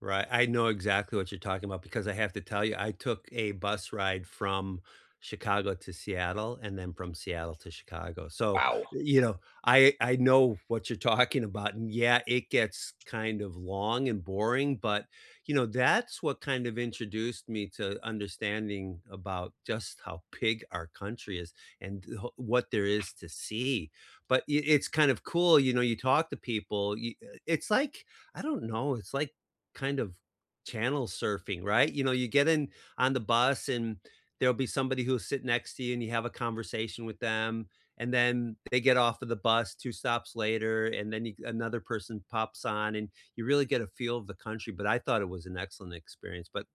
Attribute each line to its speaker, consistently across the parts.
Speaker 1: Right, I know exactly what you're talking about, because I have to tell ya, I took a bus ride from Chicago to Seattle, and then from Seattle to Chicago. So,
Speaker 2: Wow.
Speaker 1: you know, I I know what you're talking about, and yeah, it gets kind of long and boring, but, you know, that's what kind of introduced me to understanding about just how big our country is, and, oh, what there is to see. But y it's kind of cool, you know, you talk to people y it's like, I don't know, it's like kind of channel surfing, right? You know, you get in on the bus, and there'll be somebody who'll sit next to you, and you have a conversation with them, and then they get off of the bus 2 stops later, and then a another person pops on, and you really get a feel of the country, but I thought it was an excellent experience, but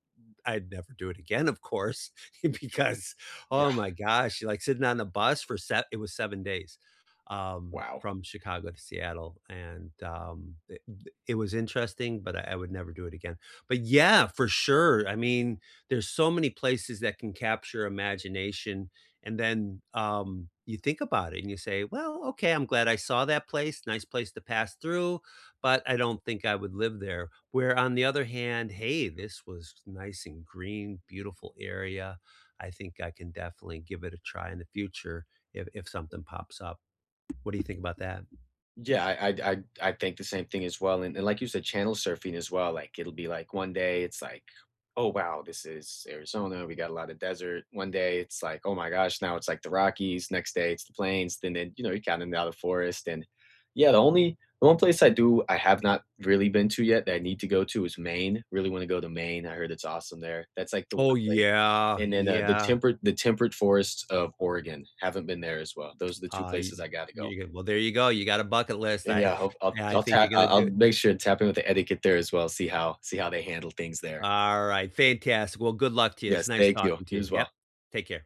Speaker 1: I'd never do it again, of course, because,
Speaker 2: Yeah.
Speaker 1: oh my gosh, you like sitting on a bus for sev it was 7 days, um,
Speaker 2: Wow.
Speaker 1: from Chicago to Seattle. And, um, d d it was interesting, but I I would never do it again. But yeah, for sure I mean, there's so many places that can capture imagination, and then, um, you think about it, and you say, "Well, okay, I'm glad I saw that place, nice place to pass through, but I don't think I would live there." Where on the other hand, "Hey, this was nice and green, beautiful area. I think I can definitely give it a try in the future if if something pops up." What do you think about that?
Speaker 2: Yeah, I'd I'd I'd think the same thing as well, and like you said, channel surfing as well, like, it'll be, like, one day it's, like, "Oh, wow, this is Arizona, we got a lotta desert." One day it's like, "Oh my gosh, now it's, like, the Rockies," next day it's the Plains, and then, you know, Dandakaranya Forest, and yeah, the only 1 place I do I have not really been to yet, that I need to go to, is Maine, really wanna go to Maine, I heard it's awesome there, that's, like, the
Speaker 1: Oh,
Speaker 2: place,
Speaker 1: yeah,
Speaker 2: and then, uh, the
Speaker 1: yeah.
Speaker 2: Temperate the Temperate Forests of Oregon, haven't been there as well. Those are the 2
Speaker 1: I
Speaker 2: places I gotta go.
Speaker 1: y ge y well, there you go you gotta bucket list.
Speaker 2: And,
Speaker 1: I
Speaker 2: yeah, hope I'll
Speaker 1: I
Speaker 2: I'll
Speaker 1: think
Speaker 2: ta
Speaker 1: you're gonna
Speaker 2: I'll I'll
Speaker 1: to do
Speaker 2: make sure to tap in with the etiquette there as well, see how see how they handle things there.
Speaker 1: All right, fantastic. Well, good luck to ya, it's
Speaker 2: Yes,
Speaker 1: nice
Speaker 2: thank you.
Speaker 1: talking to
Speaker 2: You
Speaker 1: you.
Speaker 2: as
Speaker 1: Yep.
Speaker 2: well.
Speaker 1: Take care.